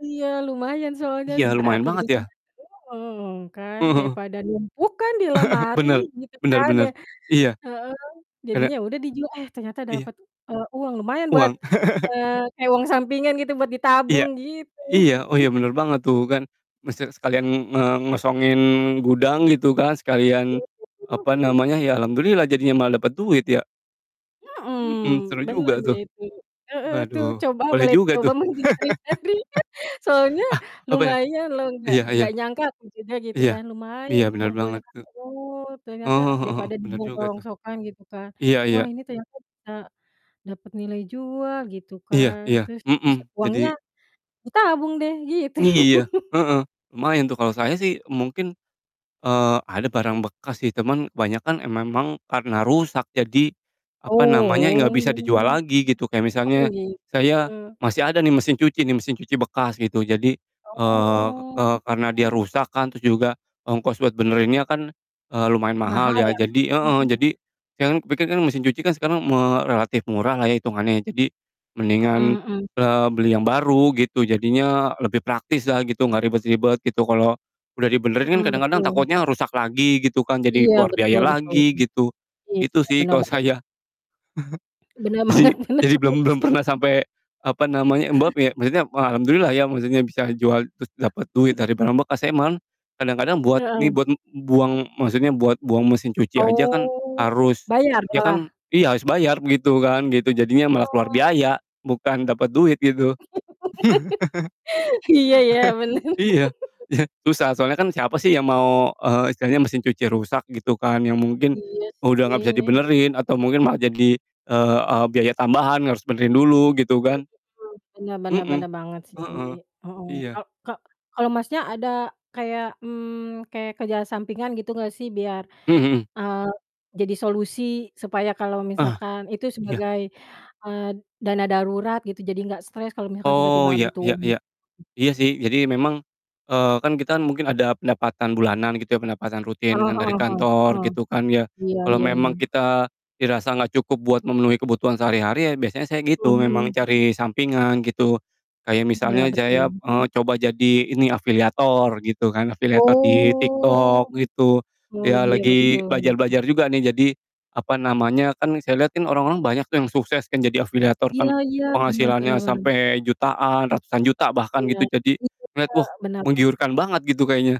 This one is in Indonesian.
Iya lumayan soalnya Iya, s a lumayan aku banget juga ya. kan. [unintelligible] Heeh, kan Heeh heeh. daripada numpuk kan di lemari Bener, gitu bener kan de bener. Iya, heeh, agak jadinya udah dijual, eh ternyata Iya. dapat, eee, uang lumayan buat, Uang. eee, kayak uang sampingan gitu buat Iya. ditabung gitu. Iya, oh iya bener banget tuh kan maksudnya sekalian mengosongin gudang gitu kan, sekalian apa [unintelligible] namanya, ya alhamdulillah jadinya malah dapet duit ya. Mhm, seru Mhm, bener juga deh tuh. itu. Heeh, tuh Waduh coba boleh boleh juga dicoba tuh. mencari-cari soalnya Ah, apanya? lumayan loh. Nggak Iya iya. nggak nyangka aku juga gitu Iya, kan, lumayan iya ke bener kumpulnya banget Kak. tuh. Oh Oh, ternyata heeh heeh, daripada bener dibuang ke juga tuh. rongsokan gitu kan, Iya iya. wah ini ternyata bisa dapet nilai jual gitu Iya kan. iya. Terus bisa Mhm, uangnya jadi ditabung deh gitu. Iya, heeh. Lumayan tuh kalo saya sih mungkin, eee, ada barang bekas sih teman kebanyakan emang karena rusak jadi apa namanya, gak bisa dijual Oh, lagi gitu kayak kok misalnya saya begitu. masih ada nih mesin cuci nih, mesin cuci bekas gitu. Jadi, eee Oh. eee, karena dia Hmm. rusak kan terus juga ongkos buat benerinnya kan, eee, lumayan mahal Mahal ya ya. jadi heeh, Mhm. jadi sekarang pikir kan mesin cuci kan sekarang me relatif murahlah ya hitungannya, jadi mendingan, Hmm, mhm. eee, beli yang baru gitu jadinya lebih praktislah gitu gak ribet-ribet gitu. Kalo udah dibenerin kan Mhm, kadang-kadang betul. takutnya rusak lagi gitu kan jadi Iya, keluar biaya betul betul lagi sih. gitu, iya, itu sih bener kalo ba saya. Bener banget Jadi bener jadi banget belum belum sih. pernah sampe apa namanya Mbak piye maksudnya wah alhamdulillah ya maksudnya bisa jual terus dapet duit dari barang bekas emang, kadang-kadang buat Heeh. nih buat buang maksudnya buat buang mesin cuci aja kan Oh harus bayar ya kan malah? iya harus bayar gitu kan, gitu. Jadinya malah keluar Hmm. biaya bukan dapet duit gitu. Iya ya bener. Iya iya susah, soalnyakan siapa sih yang mau, eee, istilahnya mesin cuci rusak gitu kan yang mungkin Iya udah gak bisa sih. dibenerin atau mungkin malah jadi, eee eee, biaya tambahan, harus benerin dulu gitu Oh kan begitu. Bener bener, Mhm. bener banget sih. Heeh. Heeh, Iya. ka ka kalau Masnya ada kayak, mmm, kayak kerjaan sampingan gitu gak sih biar, Mmm, mhm. eee, jadi solusi supaya kalau Ah, misalkan itu iya. sebagai, eee, dana darurat gitu jadi nggak stres kalau misalkan Oh tiba-tiba ya butuh ya uang ya. gitu? Iya sih jadi memang, eee, kan kita mungkin ada pendapatan bulanan gitu ya pendapatan rutin Heeh kan dari heeh heeh, kantor eh. gitu kan ya. Iya Kalau iya iya. memang kita dirasa gak cukup buat memenuhi kebutuhan sehari-hari ya biasanya saya Mhm gitu memang mhm. cari sampingan gitu, kayak Iya misalnya jaya, betul. eee, coba jadi ini afiliator gitu kan, afiliator di Oh. TikTok gitu, Oh ya iya lagi betul. belajar-belajar juga nih jadi apa namanya, kan saya liat kan orang-orang banyak tuh yang sukses kan jadi afiliator Iya kan, iya, benar benar penghasilannya benar. sampe jutaan, ratusan juta bahkan Iya, gitu jadi setuju lihat, Kak, wah bener banget. menggiurkan banget gitu kayaknya.